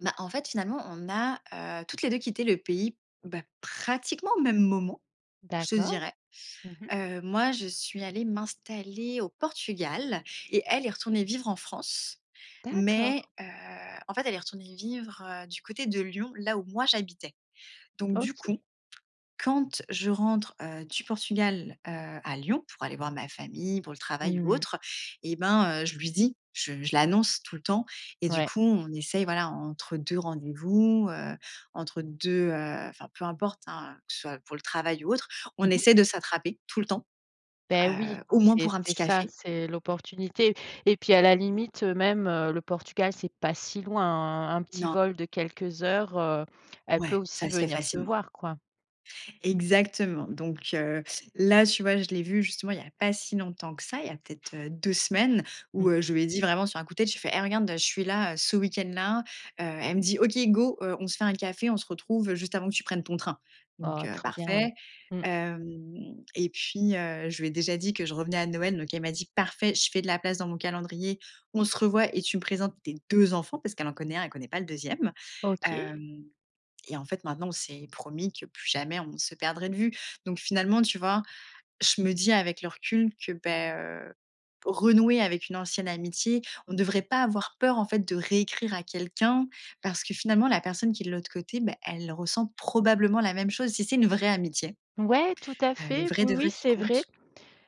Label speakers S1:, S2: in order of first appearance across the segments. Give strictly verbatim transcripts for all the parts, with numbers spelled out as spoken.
S1: Bah, en fait, finalement, on a, heu, toutes les deux quitté le pays, bah, pratiquement au même moment, je te
S2: D'accord.
S1: dirais.
S2: Mmh mh.
S1: Heu, moi, je suis allée m'installer au Portugal et elle est retournée vivre en France.
S2: D'accord.
S1: Mais heu, en fait, elle est retournée vivre, heu, du côté de Lyon, là où moi j'habitais. Donc du coup,
S2: OK.
S1: quand je rentre, heu, du Portugal, heu, à Lyon pour aller voir ma famille, pour le travail ou
S2: Mmh.
S1: autre et ben, heu, je lui dis, je je l'annonce tout le temps et du
S2: Ouais.
S1: coup, on essaye, voilà, entre deux rendez-vous, heu, entre deux heu, enfin peu importe, hein, que ce soit pour le travail ou autre, on
S2: Mmh mh.
S1: essaie de s'attraper tout le temps,
S2: Beh, oui,
S1: heu, au moins
S2: c'est
S1: pour un
S2: c'est
S1: petit
S2: ça,
S1: café.
S2: c'est l'opportunité et puis, à la limite, heu, même, heu, le Portugal c'est pas si loin, hein, un petit
S1: Non.
S2: vol de quelques heures, heu, elle peut
S1: Ouais, ça
S2: aussi
S1: se fait
S2: venir te
S1: facilement.
S2: voir, quoi.
S1: Exactement. Donc, heu, là, tu vois, je l'ai vue, justement, il y a pas si longtemps que ça. Il y a peut être, heu, deux semaines où,
S2: Mmh.
S1: heu, je lui ai dit vraiment sur un coup de tête, j'ai fait: «Hé, regarde, je suis là ce week-end là, heu». Elle me dit: «OK, go, heu, on se fait un café, on se retrouve juste avant que tu prennes ton train». Donc
S2: Oh
S1: heu,
S2: trop bien, ouais.
S1: parfait.
S2: Mmh.
S1: Hem, et puis, heu, je lui ai déjà dit que je revenais à Noël, donc elle m'a dit: «Parfait, je fais de la place dans mon calendrier, on se revoit et tu me présentes tes deux enfants», parce qu'elle en connaît un, elle connaît pas le deuxième,
S2: OK.
S1: hem. Et en fait, maintenant, on s'est promis que plus jamais on se perdrait de vue. Donc finalement, tu vois, je me dis avec le recul que, beh, heu, renouer avec une ancienne amitié, on devrait pas avoir peur, en fait, de réécrire à quelqu'un parce que finalement, la personne qui est de l'autre côté, bah, elle ressent probablement la même chose. Si c'est une vraie amitié,
S2: Ouais, tout à
S1: heu, une
S2: fait,
S1: vraie
S2: oui,
S1: de vraie
S2: oui,
S1: qui
S2: c'est vrai.
S1: compte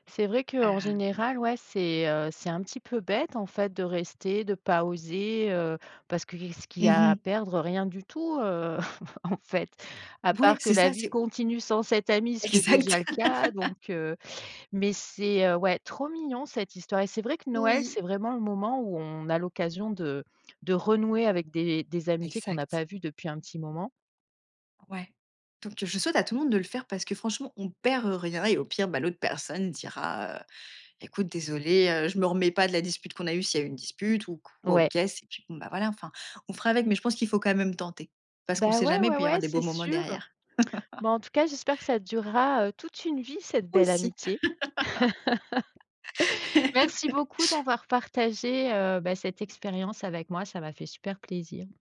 S2: C'est vrai qu'en
S1: hem.
S2: général, ouais, c'est, heu, c'est un petit peu bête en fait de rester, de pas oser, heu, parce que qu'est-ce qu'il y
S1: Mmh
S2: a à
S1: mh.
S2: perdre? Rien du tout, heu, en fait, à
S1: Ouais,
S2: part que
S1: c'est
S2: la
S1: ça,
S2: vie
S1: c'est o
S2: continue sans cette amie, ce qui est déjà
S1: Exact.
S2: le cas donc, heu, mais c'est, heu, ouais, trop mignon cette histoire et c'est vrai que Noël, c'est
S1: Oui.
S2: vraiment le moment où on a l'occasion de de renouer avec des des amitiés qu'on n'a
S1: Exact.
S2: pas vues depuis un petit moment.
S1: Ouais, donc heu, je souhaite à tout le monde de le faire parce que franchement, on perd rien et au pire, bah, l'autre personne dira, heu: «Écoute, désolée, heu, je me remets pas de la dispute qu'on a eue», s'il y a une dispute ou quoi ou
S2: Ouais.
S1: qu'est ce et puis, bon, bah, voilà, enfin, on fera avec, mais je pense qu'il faut quand même tenter parce qu'on
S2: Bah,
S1: sait
S2: ouais,
S1: jamais,
S2: ouais,
S1: puis il y aura
S2: ouais,
S1: des beaux
S2: c'est
S1: moments
S2: sûr.
S1: derrière.
S2: Bon, en tout cas, j'espère que ça durera, heu, toute une vie cette
S1: Moi
S2: belle
S1: aussi.
S2: amitié. Merci beaucoup d'avoir partagé, heu, bah, cette expérience avec moi, ça m'a fait super plaisir.